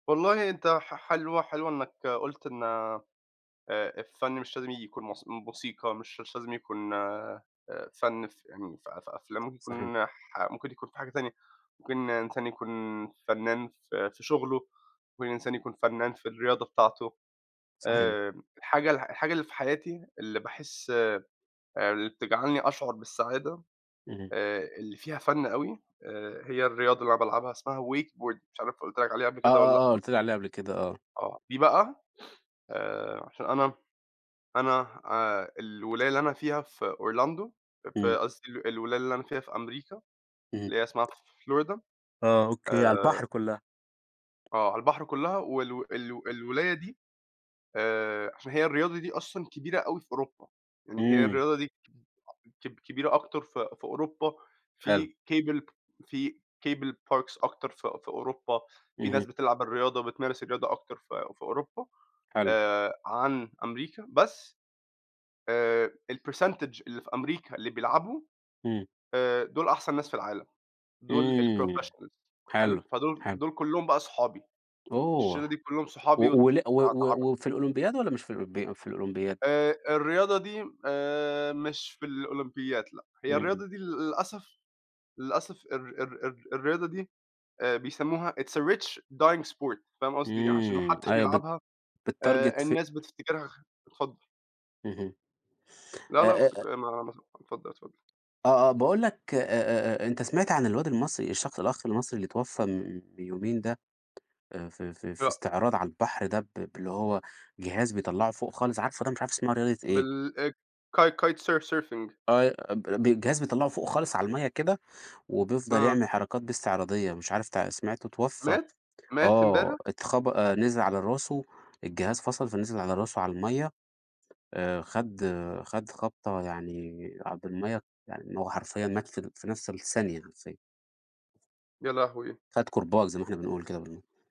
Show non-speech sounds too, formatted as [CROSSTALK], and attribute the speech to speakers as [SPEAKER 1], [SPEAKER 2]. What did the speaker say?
[SPEAKER 1] والله أنت ح ح حلو، حلو إنّك قُلت إن آآ، الفن مش لازم ييجي يكون موس موسيقى مش مش لازم يكون آآ، فن فيعني ف ف في أفلام
[SPEAKER 2] صحيح.
[SPEAKER 1] ممكن نح ممكن يكون في حاجة تانية، ممكن إنسان يكون فنان ف في شغلُه، ممكن إنسان يكون فنان في الرياضة بتاعتُه،
[SPEAKER 2] صحيح.
[SPEAKER 1] آآ، الحاجة الح الحاجة اللي في حياتي اللي باحس ب اللي بتجعلني أشعر بالسعادة
[SPEAKER 2] اهم.
[SPEAKER 1] آآ، اللي فيها فن أوي، آآ، هي الرياضة اللي أنا بالعبها اسمها wakeboard مش عارف قُلت لك عليها قبل
[SPEAKER 2] آه،
[SPEAKER 1] كده والَّا
[SPEAKER 2] آه، آه
[SPEAKER 1] لأ.
[SPEAKER 2] قُلت لي عليها قبل كده، آه.
[SPEAKER 1] آه، دي بقى [SNIFFS] آآ، عشان أنا أنا آآ، الولاية اللي أنا فيها في Orlando أ في
[SPEAKER 2] إمم.
[SPEAKER 1] قصدي الولاية اللي أنا من فيها في أمريكا
[SPEAKER 2] اهم.
[SPEAKER 1] اللي هي اسمها florida،
[SPEAKER 2] آه، أوكي، على البحر
[SPEAKER 1] آآ
[SPEAKER 2] كلّها.
[SPEAKER 1] آه، على البحر كلّها وال ال الولاية دي آآ، عشان هي الرياضة دي أصلًا كبيرة أوي في أوروبا، يعني هي
[SPEAKER 2] إمم.
[SPEAKER 1] الرياضة دي كب كب كبيرة أكتر ف في أوروبا
[SPEAKER 2] حلو.
[SPEAKER 1] في cable في cable parks أكتر ف في أوروبا، في ناس
[SPEAKER 2] اهم.
[SPEAKER 1] بتلعب الرياضة وبتمارس الرياضة أكتر ف في أوروبا
[SPEAKER 2] حلو.
[SPEAKER 1] آآ، عن أمريكا بس آآ، الpercentage اللي في أمريكا اللي بيلعبوا
[SPEAKER 2] إمم.
[SPEAKER 1] آآ، دُول أحسن ناس في العالم، دُول
[SPEAKER 2] إمم
[SPEAKER 1] الprofessionals حلو؟
[SPEAKER 2] حلو،
[SPEAKER 1] فدُول
[SPEAKER 2] حلو.
[SPEAKER 1] دُول كلّهم بقى صحابي الشِلّة
[SPEAKER 2] أوه!
[SPEAKER 1] دي كلّهم صحابي
[SPEAKER 2] وأ
[SPEAKER 1] وأت اتع
[SPEAKER 2] واللع و
[SPEAKER 1] اتعر
[SPEAKER 2] و وفي الأولمبياد والَّا مش في الأولمبي في الأولمبياد؟
[SPEAKER 1] آآ، الرياضة دي آآ، مش في الأولمبياد لأ، هي
[SPEAKER 2] اهم.
[SPEAKER 1] الرياضة دي لل للأسف، للأسف الر الر الر الرياضة دي آآ، بيسمّوها it's a rich dying sport فاهم قصدي إيه؟ عشان
[SPEAKER 2] اآمم،
[SPEAKER 1] محدش
[SPEAKER 2] أيوه بت
[SPEAKER 1] بيلعبها آآ،
[SPEAKER 2] بتتارجت فت
[SPEAKER 1] الناس بتفتكرها خ اتفضّل.
[SPEAKER 2] اهم، أ
[SPEAKER 1] لأ، لأ، خُد
[SPEAKER 2] أ أ
[SPEAKER 1] [UNINTELLIGIBLE] اتفضل، اتفضل.
[SPEAKER 2] آه، آه باقول لك أ أ أ أنت سمعت عن الواد المصري الشخص الأخ المصري اللي اتوفّى من بيومين ده، آآ، في في في
[SPEAKER 1] لأ.
[SPEAKER 2] استعراض على البحر ده ب باللي هو جهاز بيطلّعه فوق خالص عارفُه؟ والله مش عارف اسمها رياضة إيه.
[SPEAKER 1] بال أ kite kite surf surfing
[SPEAKER 2] أي أب ب الجهاز بيطلّعُه فوق خالص على المَيّة كده، وبيفضل
[SPEAKER 1] آه.
[SPEAKER 2] يعمل حركات بيه استعراضية، مش عارف تع سمعت اتوفّى،
[SPEAKER 1] مات؟! مات
[SPEAKER 2] آه،
[SPEAKER 1] امبارح؟
[SPEAKER 2] اتخب آآ، نزل على راسُه الجهاز فصل، فنزل على راسه على المَيّة آآ، خَد خَد خَد خبطة يعني على د المَيّة، هو حرفيًا مات في ال في نَفْس الثانية حرفيًا.
[SPEAKER 1] يا لهوي!
[SPEAKER 2] خَد كُرباج زي ما إحنا بنقول كده [UNINTELLIGIBLE]